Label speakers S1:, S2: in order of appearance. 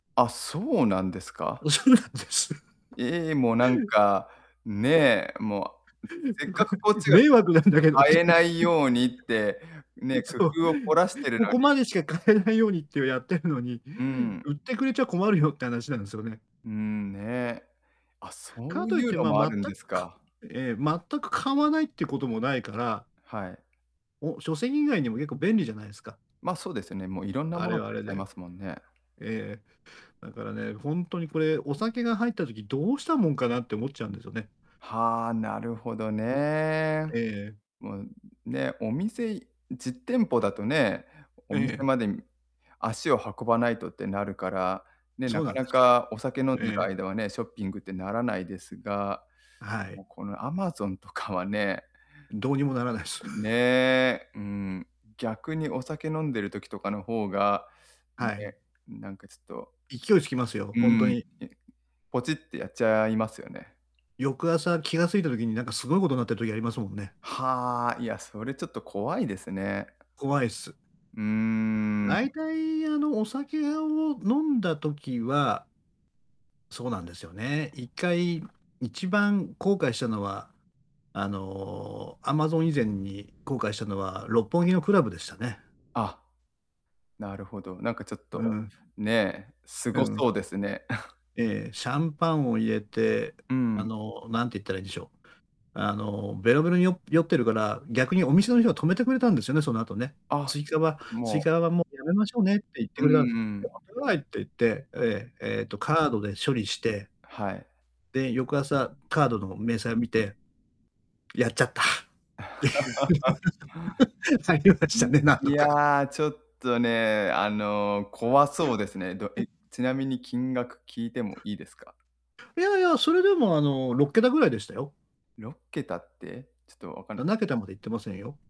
S1: あ、そうなんですか。
S2: おそうなんです。
S1: ええ、もうなんか、ねえ、もう、せっかく こっちがか
S2: 迷惑なんだけどっ
S1: 買
S2: てい
S1: えないようにって、ね、
S2: う。そ
S1: 工
S2: う、
S1: 夫を凝らしてる
S2: こ
S1: の
S2: こ
S1: に
S2: までしか買えないようにってやってるのに、
S1: うん。
S2: 売ってくれちゃ困るよって話なんですよね。
S1: うーん、ねえ。あ、そ
S2: か
S1: う
S2: とい
S1: い
S2: っ
S1: う
S2: て、
S1: の
S2: ま、
S1: もあ
S2: 全
S1: るんで
S2: く
S1: す
S2: か
S1: か。
S2: え、全く買わないってこともないから
S1: はい。
S2: お、書籍以外にもよく便利じゃないすか？
S1: ま、そうですよね。もういろんな
S2: あ
S1: もの
S2: れ
S1: を
S2: はあ
S1: 買え
S2: れ
S1: ちゃいま
S2: で。
S1: すもんね。
S2: ええ、だからね、ほんとにこれお酒が入った時どうしたもんかなって思っちゃうんですよね。
S1: はあ、なるほどね。
S2: う、ええ。
S1: もう、ね、お店実店舗だとね、お
S2: え
S1: 店
S2: え。
S1: まで足を運ばないとってなるから、ね、
S2: そ
S1: な
S2: うな
S1: か
S2: んで
S1: な
S2: すよ。
S1: かお酒飲んでる
S2: ええ。
S1: 間はね、ショッピングってならないですが、
S2: は
S1: も
S2: い。
S1: うこの Amazon とかはね
S2: どうにもならないす。
S1: ね え。うーん。逆にお酒飲んでる時とかの方が、ん、
S2: はい。
S1: ね、なんかちょっと、
S2: 勢いつきますよ、
S1: う
S2: ほんと
S1: ん、
S2: に。
S1: いポチってやっちゃいますよね。
S2: 翌朝気が付いた時に、なんかすごいことになってる時ありますもんね。
S1: はあ、いや、それちょっと怖いですね。
S2: 怖いっす。
S1: うーん。
S2: 大体、あの、お酒を飲んだ時はそうなんですよね、1回一番後悔したのは、あの、Amazon 以前に後悔したのは六本木のクラブでしたね。
S1: あ。なるほど。なんかちょっ
S2: うんう
S1: と、
S2: ん。
S1: ねえ、す
S2: う
S1: ご
S2: ん。
S1: そうですね。
S2: ええ、シャンパンを入れて、
S1: う
S2: あ
S1: ん。
S2: の、何て言ったらいんでしょう。あのベロベロによ酔ってるから、逆にお店の人は止めてくれたんですよね。その後ね。
S1: あ、
S2: 追加は
S1: も
S2: 追
S1: う。
S2: 加はもうやめましょうねって言って
S1: うん
S2: くれたんで
S1: う
S2: す。ちょ
S1: ん。
S2: っと待ってくださいって言って、ええ、えとカードで処理して
S1: はい。
S2: で、翌朝、カードの明細を見て、やっちゃった。っていう。りまし
S1: う
S2: た
S1: ん。
S2: ね、なん
S1: い
S2: とか。
S1: や、ちょっとね、あの、怖そうですね。ど
S2: う
S1: え
S2: ん。
S1: ちなみに金額聞いてもいいですか？
S2: いやいや、それでも、あの、6桁ぐらいでしたよ。
S1: 6桁って、ちょっと分かん
S2: な
S1: ない。
S2: なけたまでいってませんよ。